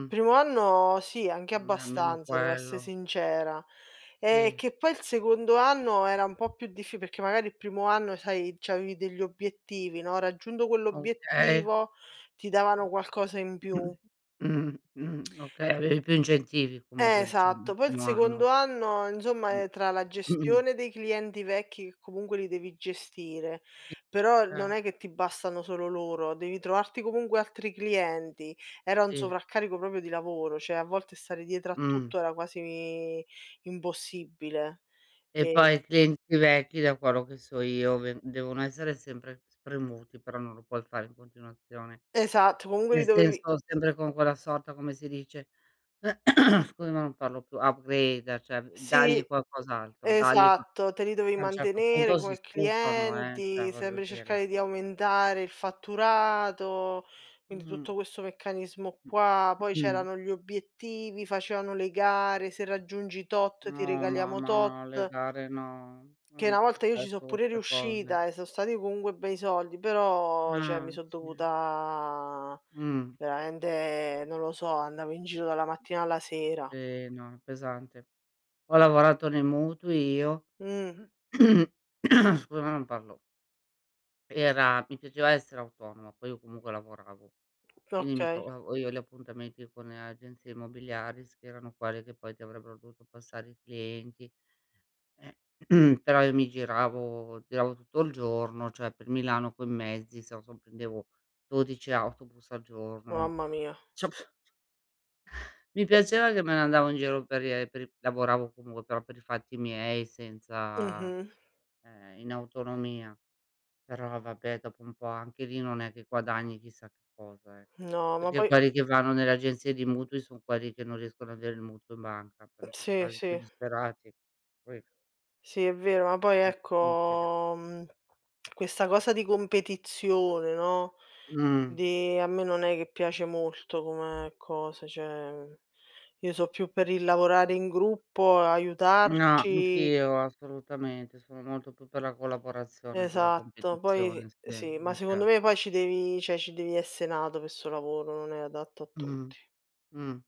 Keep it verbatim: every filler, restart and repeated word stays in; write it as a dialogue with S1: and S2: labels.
S1: Il primo anno sì, anche
S2: Mh, almeno
S1: abbastanza, devo esse
S2: quello.
S1: sincera. Ehm,
S2: Sì.
S1: che poi il secondo anno era un po' più diffi perché magari il primo anno sai, c'avevi degli obiettivi, no, raggiunto
S2: Okay.
S1: quell'obiettivo ti davano qualcosa in più.
S2: Mh, mh, okay,
S1: E
S2: avevi più incentivi
S1: Eh,
S2: comunque diciamo, il
S1: esatto. Poi, il
S2: primo anno.
S1: secondo anno
S2: Mh.
S1: insomma, ehm, tra la gestione dei clienti vecchi che comunque li devi gestire
S2: I
S1: però, non
S2: cer
S1: è che ti bastano solo loro, devi trovarti comunque altri clienti. Era un
S2: Sì.
S1: sovraccarico popio di lavoro, ceh, a volte stare dietro a
S2: Mh.
S1: tutto era quasi impossibile
S2: E
S1: e
S2: poi i clienti vecchi da quello che so io, ven devono essere sempre spremuti, però non lo puoi fare in continuazione.
S1: Esatto, comunque li
S2: Nel
S1: dovevi
S2: senso sempre con quella sorta come si dice scusa ma non parlo più, upgrade ceh dagli
S1: Sì,
S2: qualcos'altro dagli qua
S1: esatto, te li dovevi
S2: sì ad un certo
S1: mantenere
S2: punto si
S1: come
S2: stufano, eh, ceh
S1: clienti,
S2: voglio
S1: sempre
S2: dire.
S1: cercare di aumentare il fatturato, quindi,
S2: Mh.
S1: tutto questo meccanismo qua, poi
S2: Mh.
S1: c'erano gli obiettivi, facevano le gare, "Se raggiungi tot ti
S2: Oh,
S1: regaliamo
S2: mamma, no le
S1: tot."
S2: gare no.
S1: Che una
S2: [unintelligible]
S1: volta io ci so' pure
S2: queste cose.
S1: riuscita, eh, so' stati comunque bei soldi, però ceh
S2: Ah,
S1: mi son
S2: sì.
S1: dovuta
S2: Mh.
S1: veramente non lo so, andavo in giro dalla mattina alla sera.
S2: Sì. Ho è pesante. Ho lavorato nei mutui io
S1: Mh.
S2: scusa ma non parlo. Era mi piaceva essere autonoma, poi io comunque lavoravo. Quindi, mi
S1: Okay.
S2: trovavo io gli appuntamenti con agenzie immobiliari, s che erano quelle che poi ti avrebbero dovuto passare i clienti, e però io mi giravo giravo tutto il giorno, ceh per Milano coi mezzi, [unintelligible] prendevo dodici autobus al giorno.
S1: Mamma mia.
S2: Ci ho pr mi piaceva che me ne andavo in giro per i e per i lavoravo, comunque, però per i fatti miei senza
S1: Mh-mh.
S2: ehm, in autonomia. Però, vabbè, dopo un po' anche lì non è che guadagni chissà che cosa, eh.
S1: No, ma
S2: Perché
S1: poi
S2: quelli che vanno nelle agenzie di mutui son quelli che non riescono avere il mutuo in banca, però in questo
S1: Sì,
S2: caso i più
S1: sì.
S2: disperati, que
S1: Sì è vero, ma poi
S2: [unintelligible]
S1: ecco, mhmm, questa cosa di competizione, no,
S2: Mh.
S1: di a me non è che piace molto come cosa, ceh io so' più per il lavorare in gruppo,
S2: No,
S1: aiutarci.
S2: anch'io assolutamente, sono molto più per la collaborazione con la
S1: Esatto, poi
S2: competizione. Sì,
S1: Sì, ma
S2: mi
S1: secondo
S2: pia
S1: me poi ci devi ceh ci devi esse nato pe sto lavoro, non è adatto a
S2: Mh.
S1: tutti.
S2: Mh.